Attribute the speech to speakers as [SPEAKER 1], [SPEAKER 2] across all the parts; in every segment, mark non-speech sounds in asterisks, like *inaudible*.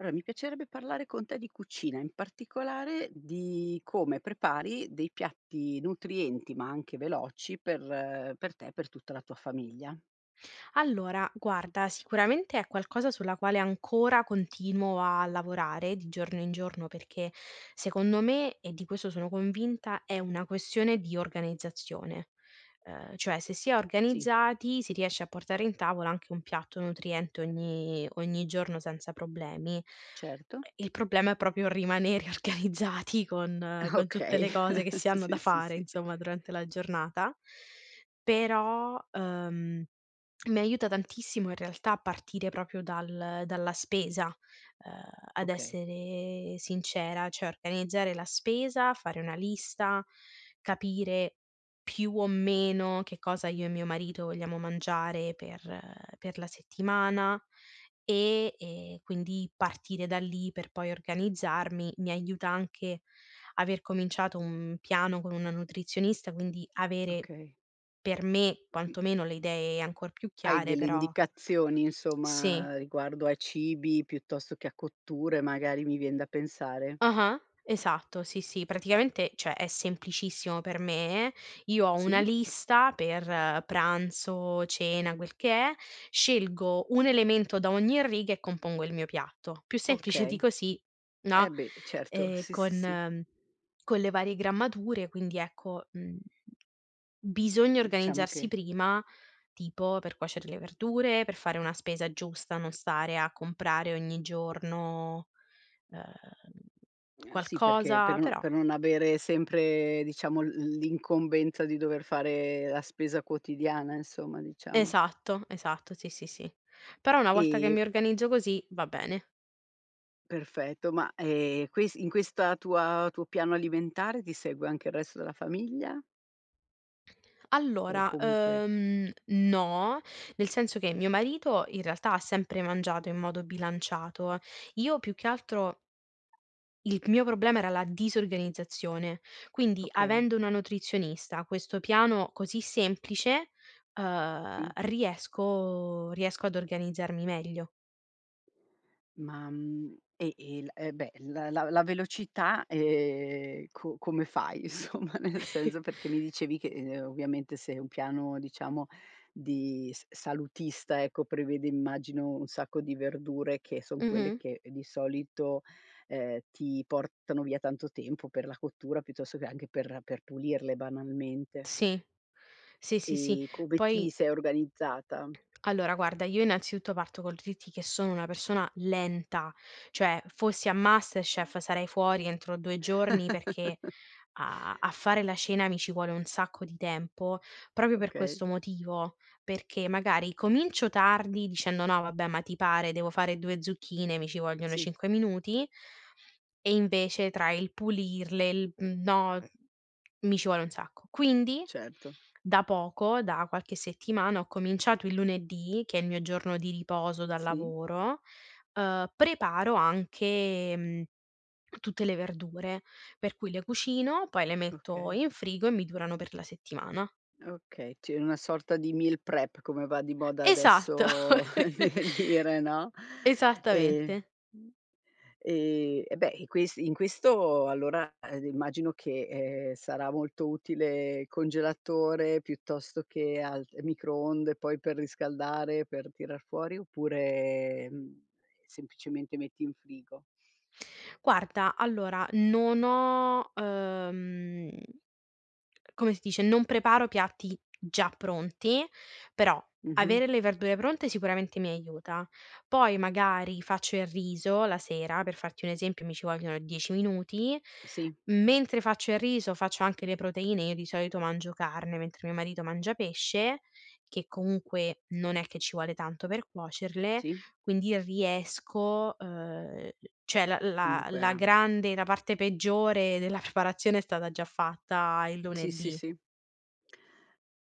[SPEAKER 1] Allora mi piacerebbe parlare con te di cucina, in particolare di come prepari dei piatti nutrienti, ma anche veloci per per te, per tutta la tua famiglia.
[SPEAKER 2] Allora, guarda, sicuramente è qualcosa sulla quale ancora continuo a lavorare di giorno in giorno, perché secondo me, e di questo sono convinta, è una questione di organizzazione, uhm, cioè se si è
[SPEAKER 1] Sì.
[SPEAKER 2] organizzati si riesce a portare in tavola anche un piatto nutriente ogni ogni giorno, senza problemi. Ehm,
[SPEAKER 1] Certo.
[SPEAKER 2] il problema è proprio rimanere organizzati con con tutte
[SPEAKER 1] Okay.
[SPEAKER 2] le cose che
[SPEAKER 1] *chuckles*
[SPEAKER 2] si hanno da
[SPEAKER 1] Sì, sì,
[SPEAKER 2] fare
[SPEAKER 1] sì.
[SPEAKER 2] insomma, durante la giornata. Però, uhm, mi aiuta tantissimo in realtà partire proprio dal dalla spesa, uhm, ad
[SPEAKER 1] Okay.
[SPEAKER 2] essere sincera, cioè organizzare la spesa, fare una lista, capire più o meno che cosa io e mio marito vogliamo mangiare per per la settimana, e e quindi partire da lì per poi organizzarmi, mi aiuta anche aver cominciato un piano con una nutrizionista, quindi avere,
[SPEAKER 1] Okay.
[SPEAKER 2] per me
[SPEAKER 1] Qui
[SPEAKER 2] quantomeno, le idee ancor più
[SPEAKER 1] Hai
[SPEAKER 2] chiare,
[SPEAKER 1] delle
[SPEAKER 2] però
[SPEAKER 1] indicazioni
[SPEAKER 2] Sì.
[SPEAKER 1] insomma riguardo ai cibi, piuttosto che a cotture, magari mi vien da pensare.
[SPEAKER 2] Ah-ah, esatto, sì, sì. Praticamente, cioè è semplicissimo per me: io ho una
[SPEAKER 1] Sì.
[SPEAKER 2] lista per pranzo, cena, quel che è, scelgo un elemento da ogni riga e compongo il mio piatto, più semplice di
[SPEAKER 1] Okay,
[SPEAKER 2] così,
[SPEAKER 1] eh
[SPEAKER 2] no.
[SPEAKER 1] beh, certo,
[SPEAKER 2] Ehm,
[SPEAKER 1] sì, sì, sì.
[SPEAKER 2] con con le varie grammature, quindi ecco, mhmm, bisogna
[SPEAKER 1] Diciamo
[SPEAKER 2] organizzarsi
[SPEAKER 1] che
[SPEAKER 2] prima, tipo per cuocere le verdure, per fare una spesa giusta, non stare a comprare ogni giorno, uhm,
[SPEAKER 1] Ehm, sì perché,
[SPEAKER 2] qualcosa,
[SPEAKER 1] per non
[SPEAKER 2] però
[SPEAKER 1] per non avere sempre diciamo l l'incombenza di dover fare la spesa quotidiana insomma, diciamo.
[SPEAKER 2] Esatto, esatto sì, sì, sì. Però una volta che
[SPEAKER 1] E
[SPEAKER 2] mi organizzo così, va bene.
[SPEAKER 1] Perfetto, ma, ehm, ques in questa tua tuo piano alimentare ti segue anche il resto della famiglia o
[SPEAKER 2] Allora,
[SPEAKER 1] comunque
[SPEAKER 2] uhm, no, nel senso che mio marito in realtà ha sempre mangiato in modo bilanciato, io più che altro, il mio problema era la disorganizzazione, quindi
[SPEAKER 1] Okay.
[SPEAKER 2] avendo una nutrizionista, questo piano così semplice, uhm,
[SPEAKER 1] Sì.
[SPEAKER 2] riesco riesco ad organizzarmi meglio.
[SPEAKER 1] Ma, mhmm, e il e beh, la la la velocità, ehm, co come fai insomma, nel
[SPEAKER 2] *chuckles*
[SPEAKER 1] senso perché mi dicevi che, uhm, ovviamente se un piano diciamo di s-salutista ecco, prevede immagino un sacco di verdure che son quelle
[SPEAKER 2] Mh-mh.
[SPEAKER 1] che di solito, uhm, ti portano via tanto tempo per la cottura, piuttosto che anche per per pulirle banalmente.
[SPEAKER 2] Sì. Sì, sì, sì.
[SPEAKER 1] E come
[SPEAKER 2] Poi
[SPEAKER 1] ti sei organizzata?
[SPEAKER 2] Allora guarda, io innanzitutto parto col dirti che sono una persona lenta. Cioè fossi a MasterChef sarei fuori entro 2 giorni perché
[SPEAKER 1] *chuckles*
[SPEAKER 2] a a fare la cena mi ci vuole un sacco di tempo, proprio per
[SPEAKER 1] Okay.
[SPEAKER 2] questo motivo, perché magari comincio tardi, dicendo: "No, vabbè, ma ti pare, devo fare 2 zucchine mi ci vogliono
[SPEAKER 1] Sì.
[SPEAKER 2] 5 minuti" e invece tra il pulirle, il mhmm, no, mi ci vuole un sacco. Quindi,
[SPEAKER 1] Certo.
[SPEAKER 2] da poco, da qualche settimana, ho cominciato il lunedì, che è il mio giorno di riposo dal
[SPEAKER 1] Sì.
[SPEAKER 2] lavoro, uhm, preparo anche, mhmm, tutte le verdure, per cui le cucino, poi le metto
[SPEAKER 1] Okay.
[SPEAKER 2] in frigo e mi durano per la settimana.
[SPEAKER 1] Okay, tieni una sorta di meal prep, come va di moda
[SPEAKER 2] Esatto.
[SPEAKER 1] adesso *chuckles* di
[SPEAKER 2] *laughs*
[SPEAKER 1] dire, no. Ehm,
[SPEAKER 2] Esattamente.
[SPEAKER 1] ehm, e beh, e questi in questo allora immagino che, ehm, sarà molto utile congelatore, piuttosto che al ehm, microonde poi per riscaldare, per tirar fuori, oppure, mhmm, semplicemente metti in frigo.
[SPEAKER 2] Guarda, allora, non ho, uhm come si dice, non preparo piatti già pronti, però
[SPEAKER 1] Mh-mh.
[SPEAKER 2] avere le verdure pronte sicuramente mi aiuta. Poi magari faccio il riso la sera, per farti un esempio, mi ci vogliono 10 minuti,
[SPEAKER 1] Sì.
[SPEAKER 2] mentre faccio il riso faccio anche le proteine, io di solito mangio carne, mentre mio marito mangia pesce, che comunque non è che ci vuole tanto per cuocerle,
[SPEAKER 1] Sì.
[SPEAKER 2] quindi riesco, uhm, cioè la la
[SPEAKER 1] Comunque
[SPEAKER 2] la grande la parte peggiore della preparazione è stata già fatta il
[SPEAKER 1] Sì, sì,
[SPEAKER 2] lunedì.
[SPEAKER 1] sì.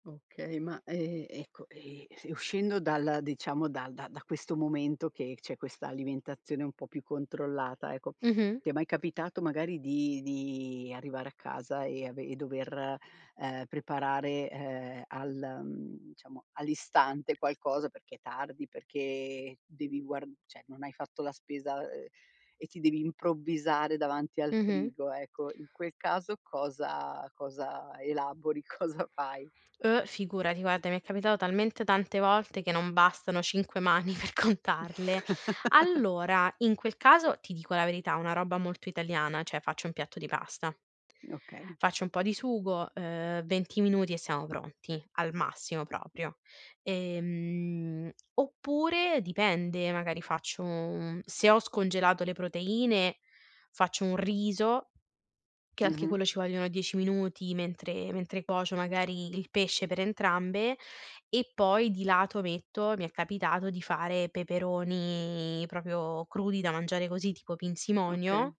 [SPEAKER 1] Okay, ma, ehm, ecco, ehm, e uscendo dalla diciamo, dal da da questo momento che c'è questa alimentazione un po' più controllata ecco,
[SPEAKER 2] Mh-mh.
[SPEAKER 1] ti è mai capitato magari di di arrivare a casa e ave e dover, uhm, preparare, uhm, al, mhmm, diciamo all'istante qualcosa perché è tardi, perché devi guar cioè non hai fatto la spesa, uhm, e ti devi improvvisare davanti al
[SPEAKER 2] Mh-mh.
[SPEAKER 1] frigo ecco, in quel caso cosa cosa elabori, cosa fai?
[SPEAKER 2] Uh, figurati, guarda mi è capitato talmente tante volte che non bastano 5 mani per contarle.
[SPEAKER 1] *chuckles*
[SPEAKER 2] Allora, in quel caso ti dico la verità una roba molto italiana, cioè faccio un piatto di pasta
[SPEAKER 1] Okay.
[SPEAKER 2] faccio un po' di sugo, uhm, 20 minuti e siamo pronti, al massimo proprio, ehm, oppure dipende, magari faccio un se ho scongelato le proteine faccio un riso, che anche
[SPEAKER 1] Mh-mh.
[SPEAKER 2] quello ci vogliono 10 minuti mentre mentre cuocio magari il pesce per entrambe e poi di lato metto, mi è capitato di fare peperoni proprio crudi da mangiare così, tipo pinzimonio,
[SPEAKER 1] Okay.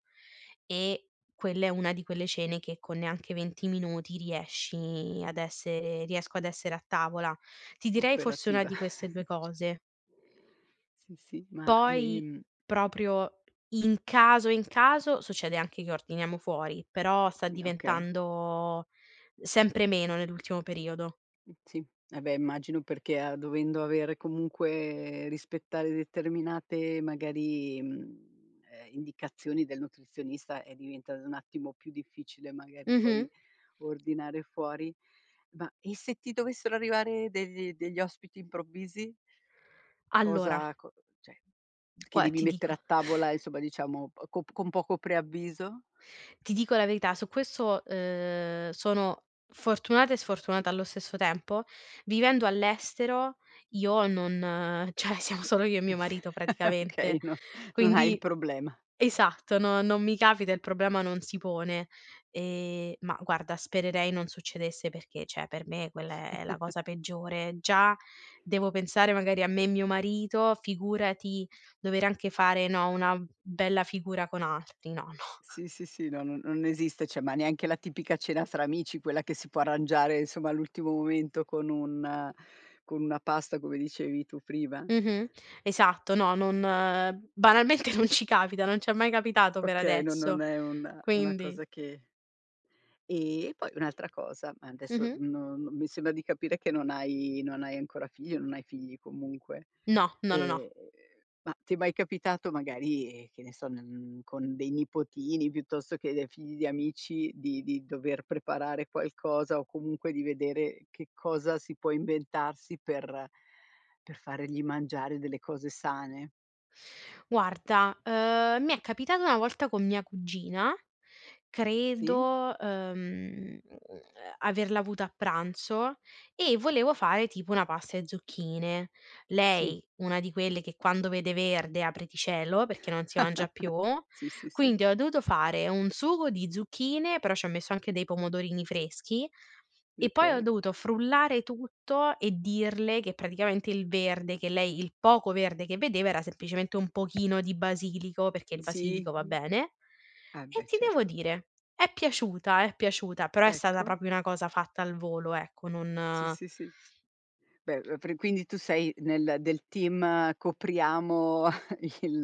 [SPEAKER 2] e quella è una di quelle cene che con neanche 20 minuti riesci ad essere riesco ad essere a tavola. Ti direi forse 1
[SPEAKER 1] Operativa.
[SPEAKER 2] di queste 2
[SPEAKER 1] *chuckles* C
[SPEAKER 2] cose
[SPEAKER 1] Sì, sì, ma,
[SPEAKER 2] poi,
[SPEAKER 1] ehm
[SPEAKER 2] proprio in caso, in caso succede anche che ordiniamo fuori, però sta
[SPEAKER 1] Gna okay.
[SPEAKER 2] diventando sempre meno nell'ultimo periodo.
[SPEAKER 1] M sì, ah beh, immagino perché a dovendo avere comunque rispettare determinate magari, mhmm, ehm, indicazioni del nutrizionista è diventato un attimo più difficile magari
[SPEAKER 2] Mh-mh.
[SPEAKER 1] poi ordinare fuori. Ma, e se ti dovessero arrivare degli degli ospiti improvvisi?
[SPEAKER 2] Allora
[SPEAKER 1] cosa co cioè che
[SPEAKER 2] Gua
[SPEAKER 1] devi
[SPEAKER 2] ti
[SPEAKER 1] mettere
[SPEAKER 2] dico
[SPEAKER 1] a tavola,
[SPEAKER 2] *chuckles*
[SPEAKER 1] insomma diciamo, o co p con poco preavviso?
[SPEAKER 2] Ti dico la verità, su questo, uhm, sono fortunata e sfortunata allo stesso tempo: vivendo all'estero io non cioè siamo solo io e mio
[SPEAKER 1] *giggles*
[SPEAKER 2] marito
[SPEAKER 1] Okay
[SPEAKER 2] praticamente,
[SPEAKER 1] no non hai il
[SPEAKER 2] quindi
[SPEAKER 1] problema.
[SPEAKER 2] esatto no non mi capita, il problema non si pone. Ehm, ma guarda spererei non succedesse perché, cioè per me quella è la
[SPEAKER 1] *chuckles*
[SPEAKER 2] cosa peggiore, già devo pensare magari a me e mio marito, figurati dover anche fare, no, una bella figura con altri, no, no.
[SPEAKER 1] Sì, sì, sì, no, non non esiste, cioè, ma neanche la tipica cena fra amici, quella che si può arrangiare, insomma, all'ultimo momento, con un con una pasta come dicevi tu prima?
[SPEAKER 2] Mh-mh, esatto, no non banalmente non ci capita, non c'è mai capitato per
[SPEAKER 1] Okay, no non
[SPEAKER 2] adesso,
[SPEAKER 1] è una una
[SPEAKER 2] quindi.
[SPEAKER 1] cosa che Ehm, e poi un'altra cosa, ma adesso
[SPEAKER 2] Mh-mh.
[SPEAKER 1] no no mi sembra di capire che non hai non hai ancora figli, non hai figli comunque,
[SPEAKER 2] No, no, no, no.
[SPEAKER 1] ehm, ma ti è mai capitato magari, ehm, che ne so, ne n con dei nipotini, piuttosto che dei figli di amici, di di dover preparare qualcosa o comunque di vedere che cosa si può inventarsi per per fargli mangiare delle cose sane?
[SPEAKER 2] Guarda, uhm, mi è capitato una volta con mia cugina,
[SPEAKER 1] Sì.
[SPEAKER 2] credo, uhm, uhm, averla avuta a pranzo e volevo fare tipo una pasta e zucchine.
[SPEAKER 1] Sì.
[SPEAKER 2] Lei, una di quelle che quando vede verde, apriti cielo, perché non si mangia più,
[SPEAKER 1] *chuckles* Sì, sì, sì.
[SPEAKER 2] quindi ho dovuto fare un sugo di zucchine, però c'ho messo anche dei pomodorini freschi e poi ho
[SPEAKER 1] Okay.
[SPEAKER 2] dovuto frullare tutto e dirle che praticamente il verde, che lei il poco verde che vedeva era semplicemente un pochino di basilico perché il
[SPEAKER 1] Sì,
[SPEAKER 2] basilico va
[SPEAKER 1] mh.
[SPEAKER 2] bene
[SPEAKER 1] Ah,
[SPEAKER 2] e
[SPEAKER 1] beh,
[SPEAKER 2] ti devo
[SPEAKER 1] certo.
[SPEAKER 2] dire è piaciuta, è piaciuta però è stata
[SPEAKER 1] Ecco.
[SPEAKER 2] proprio una cosa fatta al volo, ecco,
[SPEAKER 1] Sì,
[SPEAKER 2] non
[SPEAKER 1] sì, sì. Beh, uhm, pre quindi tu sei nel del team copriamo *chuckles* il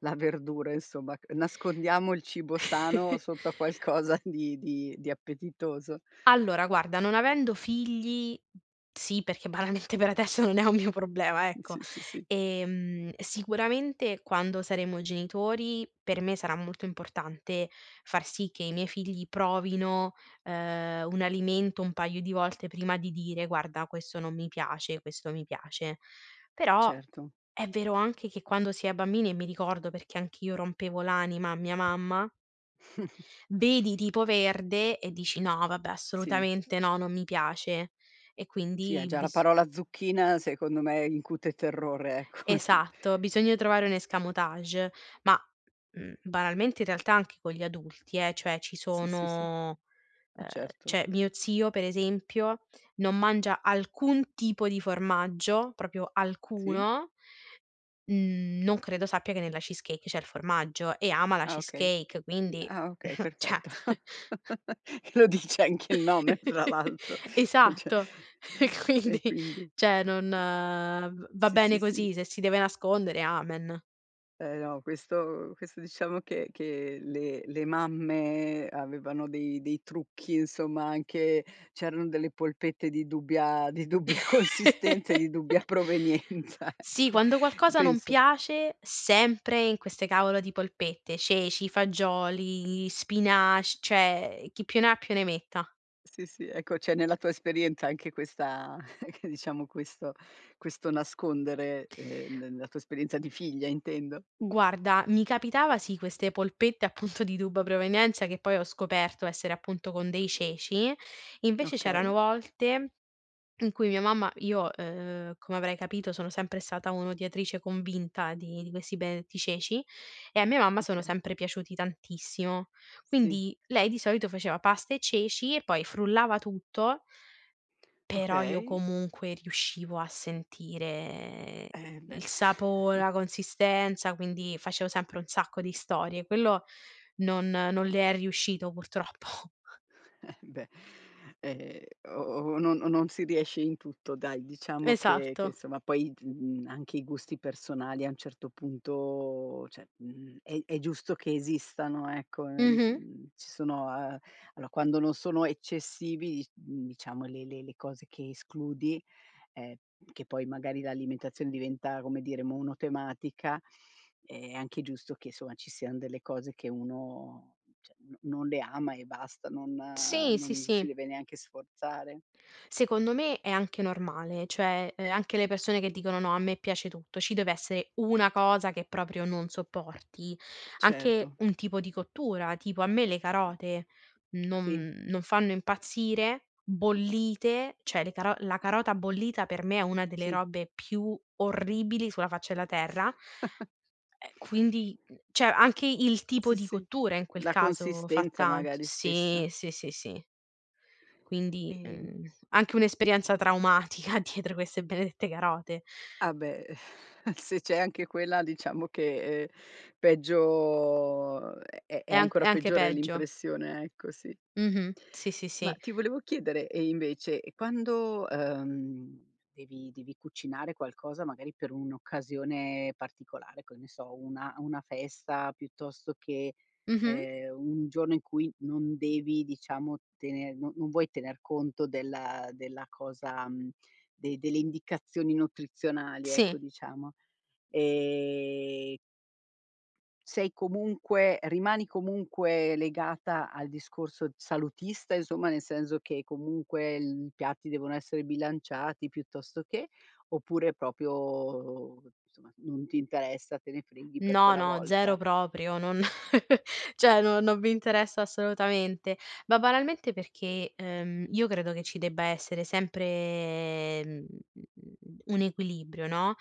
[SPEAKER 1] la verdura insomma c nascondiamo il cibo sano
[SPEAKER 2] *chuckles*
[SPEAKER 1] sotto a qualcosa di di di appetitoso.
[SPEAKER 2] Allora, guarda, non avendo figli sì perché banalmente per adesso non è un mio problema,
[SPEAKER 1] Mh,
[SPEAKER 2] ecco;
[SPEAKER 1] sì, sì, sì.
[SPEAKER 2] ehm, sicuramente quando saremo genitori per me sarà molto importante far sì che i miei figli provino, uhm, un alimento un paio di volte prima di dire: "Guarda questo non mi piace, questo mi piace." Però
[SPEAKER 1] Certo.
[SPEAKER 2] è vero anche che quando si è bambini e mi ricordo perché anch'io rompevo l'anima a mia mamma.
[SPEAKER 1] *chuckles*
[SPEAKER 2] Vedi, tipo, verde e dici: "No, vabbè
[SPEAKER 1] Sì.
[SPEAKER 2] assolutamente no, non mi piace." E
[SPEAKER 1] Sì, e
[SPEAKER 2] quindi
[SPEAKER 1] già la
[SPEAKER 2] bis
[SPEAKER 1] parola zucchina, secondo me, incute terrore ecco, d
[SPEAKER 2] Esatto, bisogna trovare un escamotage ma, mhmm, banalmente, in realtà, anche con gli adulti eh, cioè ci
[SPEAKER 1] Sì, sì, sì.
[SPEAKER 2] sono
[SPEAKER 1] Ah,
[SPEAKER 2] uhm,
[SPEAKER 1] certo.
[SPEAKER 2] cioè, mio zio, per esempio, non mangia alcun tipo di formaggio, proprio
[SPEAKER 1] Sì.
[SPEAKER 2] alcuno, mhmm, non credo sappia che nella cheesecake c'è il formaggio, e ama la
[SPEAKER 1] Ah, okay.
[SPEAKER 2] cheesecake quindi
[SPEAKER 1] Ah, okay,
[SPEAKER 2] *scoffs* cioè.
[SPEAKER 1] perfetto.
[SPEAKER 2] *chuckles*
[SPEAKER 1] *chuckles* Che lo dice anche il nome, tra
[SPEAKER 2] *chuckles*
[SPEAKER 1] l'altro, cioè.
[SPEAKER 2] Esatto, e
[SPEAKER 1] *chuckles*
[SPEAKER 2] quindi,
[SPEAKER 1] E quindi
[SPEAKER 2] cioè, non v va
[SPEAKER 1] Sì,
[SPEAKER 2] bene
[SPEAKER 1] sì, sì.
[SPEAKER 2] così, se si deve nascondere amen.
[SPEAKER 1] Eh, no questo questo diciamo che che le le mamme avevano dei dei trucchi, insomma, anche c'erano delle polpette di dubbia di dubbia consistenza e di dubbia
[SPEAKER 2] *laughs*
[SPEAKER 1] provenienza
[SPEAKER 2] Sì,
[SPEAKER 1] ecco,
[SPEAKER 2] quando qualcosa non
[SPEAKER 1] penso
[SPEAKER 2] piace, sempre in queste cavolo di polpette, ceci, fagioli, spinac cioè, chi più ne ha più ne metta.
[SPEAKER 1] Sì, sì, ecco, c'è nella tua esperienza anche questa *chuckles* che diciamo, questo questo nascondere, ehm, ne nella tua esperienza di figlia, intendo.
[SPEAKER 2] Guarda mi capitava sì queste polpette appunto di dubbia provenienza, che poi ho scoperto essere appunto con dei ceci, invece c'erano
[SPEAKER 1] Okay.
[SPEAKER 2] volte in cui mia mamma io, uhm, come avrai capito sono sempre stata un'odiatrice convinta di di questi benedetti ceci, e a mia mamma sono
[SPEAKER 1] Okay.
[SPEAKER 2] sempre piaciuti tantissimo,
[SPEAKER 1] Sì.
[SPEAKER 2] quindi lei di solito faceva pasta e ceci e poi frullava tutto però io
[SPEAKER 1] Okay.
[SPEAKER 2] comunque riuscivo a sentire
[SPEAKER 1] Eh, beh.
[SPEAKER 2] il sapo
[SPEAKER 1] *chuckles*
[SPEAKER 2] la consistenza, quindi facevo sempre un sacco di storie, quello non non le è riuscito purtroppo.
[SPEAKER 1] Eh beh, ehm, o o non o non si riesce in tutto dai, diciamo che che
[SPEAKER 2] Esatto.
[SPEAKER 1] insomma poi d mhmm, anche i gusti personali a un certo punto, cioè, mhmm, è è giusto che esistano ecco, uhm,
[SPEAKER 2] Mh-mh.
[SPEAKER 1] mhmm, ci sono uhm, allora quando non sono eccessivi i mhmm, diciamo le le le cose che escludi ehm, p che poi magari l'alimentazione diventa, come dire, monotematica, è anche giusto che insomma ci sian delle cose che uno, cioè, no non le ama e basta, non
[SPEAKER 2] Sì, sì,
[SPEAKER 1] non si
[SPEAKER 2] sì.
[SPEAKER 1] deve neanche sforzare.
[SPEAKER 2] Secondo me è anche normale, cioè, uhm, anche le persone che dicono: "No a me piace tutto." Ci deve esse una cosa che proprio non sopporti, anche
[SPEAKER 1] Certo.
[SPEAKER 2] un tipo di cottura, tipo a me le carote
[SPEAKER 1] A sì.
[SPEAKER 2] non non fanno impazzire bollite, cioè le caro la carota bollita per me è una delle
[SPEAKER 1] Sì.
[SPEAKER 2] robe più orribili sulla faccia della terra.
[SPEAKER 1] *chuckles*
[SPEAKER 2] Ehm, quindi, mhmm, cioè anche il tipo
[SPEAKER 1] Sì,
[SPEAKER 2] di
[SPEAKER 1] sì,
[SPEAKER 2] cottura in quel
[SPEAKER 1] la
[SPEAKER 2] caso fa
[SPEAKER 1] consistenza,
[SPEAKER 2] tant
[SPEAKER 1] magari,
[SPEAKER 2] sì,
[SPEAKER 1] stessa.
[SPEAKER 2] sì, sì, sì. Quindi,
[SPEAKER 1] Ehm
[SPEAKER 2] mhmm, anche un'esperienza traumatica dietro queste benedette carote.
[SPEAKER 1] Ah, beh, *chuckles* se c'è anche quella diciamo che, uhm, peggio uhm, è
[SPEAKER 2] È
[SPEAKER 1] è
[SPEAKER 2] anch è
[SPEAKER 1] ancora
[SPEAKER 2] anche
[SPEAKER 1] peggiore
[SPEAKER 2] peggio.
[SPEAKER 1] l'impressione, ecco, sì.
[SPEAKER 2] Mh-mh, sì, sì,
[SPEAKER 1] Ma
[SPEAKER 2] sì.
[SPEAKER 1] ti volevo chiedere: e invece, e quando, uhm, devi devi cucinare qualcosa, magari per un'occasione particolare, che ne so, una una festa, piuttosto che,
[SPEAKER 2] Mh-mh.
[SPEAKER 1] ehm, un giorno in cui non devi diciamo tener no non vuoi tener conto della della cosa mhmm, de delle indicazioni nutrizionali,
[SPEAKER 2] Sì.
[SPEAKER 1] ecco, diciamo, ehm sei comunque rimani comunque legata al discorso salutista, insomma, nel senso che comunque I piatti devono essere bilanciati piuttosto che... oppure è proprio somma, non ti interessa? Te ne freghi per
[SPEAKER 2] No,
[SPEAKER 1] quella
[SPEAKER 2] no,
[SPEAKER 1] volta.
[SPEAKER 2] zero proprio. Non *chuckles* cioè non non mi interessa assolutamente, ma banalmente perché, uhm, io credo che ci debba essere sempre, mhmm, un equilibrio no,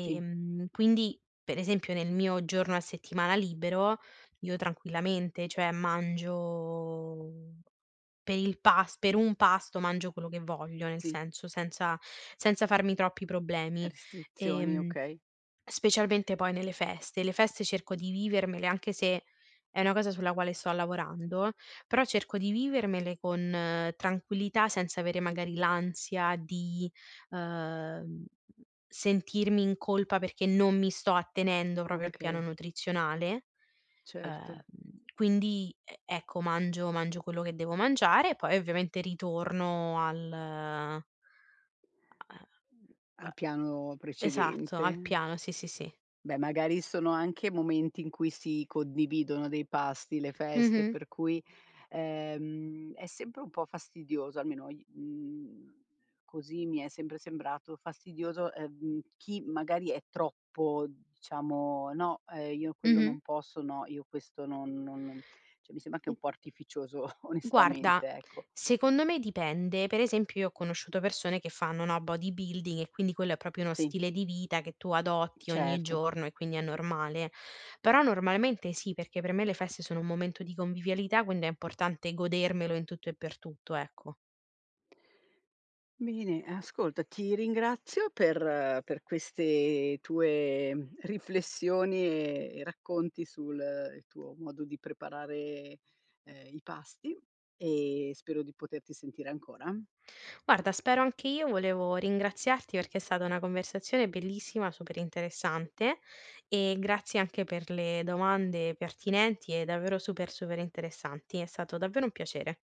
[SPEAKER 1] Sì.
[SPEAKER 2] quindi, per esempio, nel mio giorno a settimana libero, io tranquillamente, cioè, mangio per il pas per un pasto, mangio quello che voglio, nel
[SPEAKER 1] Sì.
[SPEAKER 2] senso, senza senza farmi troppi problemi,
[SPEAKER 1] Restrizioni,
[SPEAKER 2] ehm,
[SPEAKER 1] okay.
[SPEAKER 2] specialmente poi nelle feste, le feste cerco di vivermele- anche se è una cosa sulla quale sto lavorando- però cerco di vivermele con tranquillità, senza avere magari l'ansia di, uhm, sentirmi in colpa perché non mi sto attenendo proprio al piano
[SPEAKER 1] Okay.
[SPEAKER 2] nutrizionale, uhm,
[SPEAKER 1] Certo.
[SPEAKER 2] quindi, e ecco mangio mangio quello che devo mangiare poi ovviamente ritorno al uhm,
[SPEAKER 1] A piano
[SPEAKER 2] esatto, al
[SPEAKER 1] precedente.
[SPEAKER 2] piano, sì, sì, sì.
[SPEAKER 1] Beh, magari sono anche momenti in cui si condividono dei pasti, le feste,
[SPEAKER 2] Mh-mh.
[SPEAKER 1] per cui, ehm, è sempre un po' fastidioso, almeno i mhmm, così mi è sempre sembrato fastidioso, uhm, chi magari è troppo diciamo: "no, ehm, io quello
[SPEAKER 2] Mh-mh.
[SPEAKER 1] non posso, no io questo non non no" cioè mi sembra anche un
[SPEAKER 2] *unintelligible*
[SPEAKER 1] po' artificioso
[SPEAKER 2] Guarda,
[SPEAKER 1] onestamente, ecco.
[SPEAKER 2] secondo me dipende, per esempio io ho conosciuto persone che fanno, no, body building e quindi quello è proprio uno
[SPEAKER 1] Sì.
[SPEAKER 2] stile di vita che tu adotti ogni
[SPEAKER 1] Certo.
[SPEAKER 2] giorno e quindi è normale; però normalmente sì perché per me le feste sono un momento di convivialità, quind è importante godermelo in tutto e per tutto, ecco.
[SPEAKER 1] Bene, ascolta, ti ringrazio per per queste tue, mhmm, riflessioni e e racconti sul il tuo modo di preparare, ehm, i pasti e spero di poterti sentire ancora.
[SPEAKER 2] Guarda spero anche io volevo ringraziarti perché è stata una conversazione bellissima, super interessante, e grazie anche per le domande pertinenti e davvero super, super interessanti. È stato davvero un piacere.